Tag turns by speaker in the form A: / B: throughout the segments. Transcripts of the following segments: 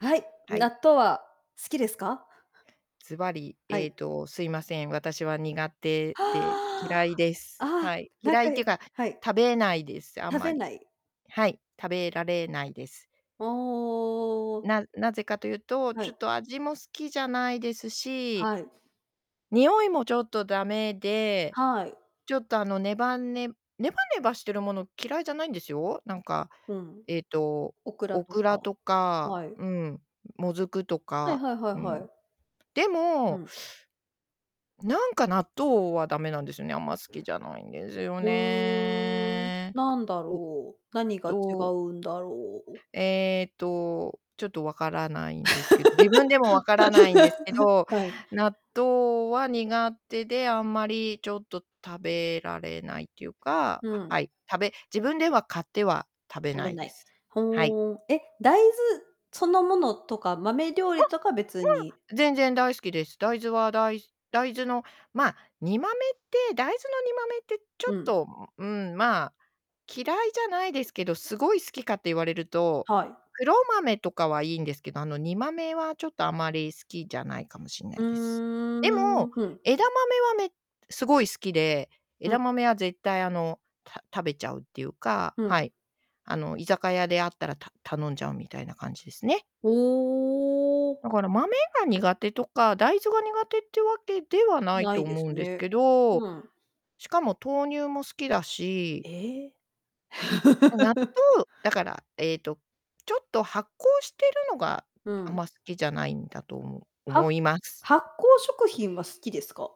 A: はい。
B: はい。
A: 納豆は好きですか？
B: ずばり。
A: は
B: ええ
A: い。
B: と、すいません。私は苦手
A: は
B: で、
A: あ。
B: 嫌いで
A: あ
B: す。
A: あ、
B: はい。
A: 何
B: 嫌いって
A: 回
B: いうか、
A: はい。
B: 食べないです、あん
A: 食
B: ま
A: べな
B: り。
A: い。
B: はい。食べられないです。
A: おおおおおお-おお。
B: ななぜかというと、
A: は
B: ちょ
A: い。
B: っと味も好きじゃないですし
A: はい。
B: 匂いも、ちょっと駄目で、
A: はい。
B: ちょっと、あの、ねばねねばねばしてるもの、嫌いじゃないんですよ。なんか、
A: うん。
B: ええと、
A: オクラ
B: オ
A: と
B: クラ
A: か。
B: とか
A: はい。
B: うん。もずくと
A: はい
B: か
A: はいはい
B: う
A: は
B: ん。
A: い。
B: で
A: う
B: も
A: ん。
B: なんか、納豆は駄目なんですよね。あんま、好きじゃないんですよ
A: うーん。
B: ね。
A: なんだ
B: う
A: ろう。何が違
B: と
A: うんだろう。
B: ええと、ちょっと分からないんですけ自分でも分からないんですけど、
A: はい。
B: 納豆は苦手で、あんまり、ちょっと食べられないっていうか
A: うん。
B: はい。食べ自分では買っては食べ
A: 食
B: な
A: べ
B: い
A: な
B: で
A: い。
B: す。はい。
A: ほお。え、大豆そのものとか、豆料
B: あ、う
A: 理
B: わ。
A: とか別に
B: 全然大好きです。大豆は大す大豆の、まあ、煮豆って大豆の煮豆ってちょ
A: う
B: っ
A: ん。
B: と、んんまあ、嫌いじゃないですけど、すごい好きかって言われると、
A: はい。
B: 黒豆とかはいいんですけど、あの、煮豆は、ちょっとあまり好きじゃないかもしんな
A: う
B: いです。で
A: ーん、
B: も、
A: ふん。
B: 枝豆はね、めすごい好きで、
A: ふ
B: 枝
A: ん。
B: 豆は絶対、あの、た食べちゃうっていうか。
A: う
B: は
A: ん。
B: い。あの、居酒屋であったら、た頼んじゃうみたいな感じですね。
A: おお。
B: だから、豆が苦手とか、大豆が苦手ってわけではない
A: な
B: と
A: いで
B: 思
A: す
B: うんです
A: ね。
B: けど。
A: うん。
B: しかも豆乳も好きだし。
A: ええ。
B: ま、納 豆だから、ええと、ちょっと発酵してるのが、
A: う
B: あん
A: ん。
B: ま好きじゃないんだと思う
A: は
B: 思います。
A: 発酵食品は好きですか？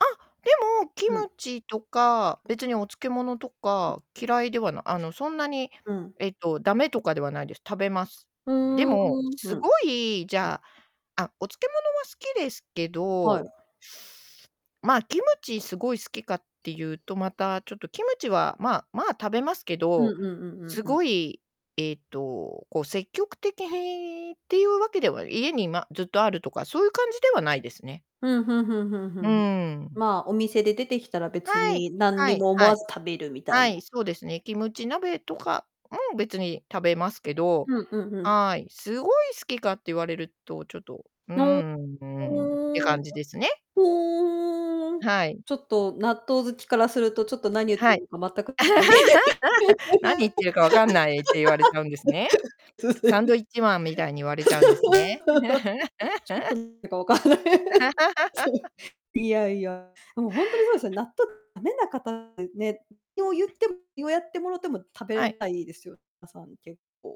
B: あ、でも、キ
A: うん。
B: ムチとか、別にお漬物とか、嫌いではなあの、そんなに、
A: ん、うん。
B: ええと、駄目とかではないです。食べます。
A: ふ
B: でも、
A: ん。ふ
B: す
A: ん。
B: ごい、じゃああ、お漬物は好きですけ
A: はい。
B: どまあ、キムチすごい好きかっていうと、また、ちょっとキムチは、まあまあ、食べますけ
A: うん
B: ど、
A: うんうんう
B: す
A: んうん。
B: ごい、ええっと、こう、積極的へいっていうわけでは家に、まあ、ずっとあるとか、そういう感じではないですね。
A: うん、ふんふんふんふ
B: う
A: んふん。
B: ーん。
A: まあ、お店で出てきたら、別
B: はい。
A: に何
B: は
A: に
B: い、
A: も思
B: は
A: わ
B: い。
A: ず食べるみたい
B: は
A: な。
B: い、そうですね。キムチ鍋とかも、別に食べますけど
A: うんうんうん。
B: はい。すごい好きかって言われると、ちょっと、うー
A: の
B: ん、うん。って
A: うーん。
B: 感
A: と。
B: じですね。
A: ふうん。
B: はい。
A: ちょっと、納豆好きからすると、ちょっと何言って
B: はい。
A: るのか全く
B: 「何言ってるか分かんない」って言われちゃうんですね。サンド イッチマンみたいに言わ れ
A: ち
B: ちゃうんですね。
A: ょっと なんかわかんない。そう。いやいや。もう、ほんとに、そうですよね。納豆ダメな方ってね。ひょう言ってよやってもろても、食
B: は
A: べ
B: い。
A: ないですよ。みなさん、結構。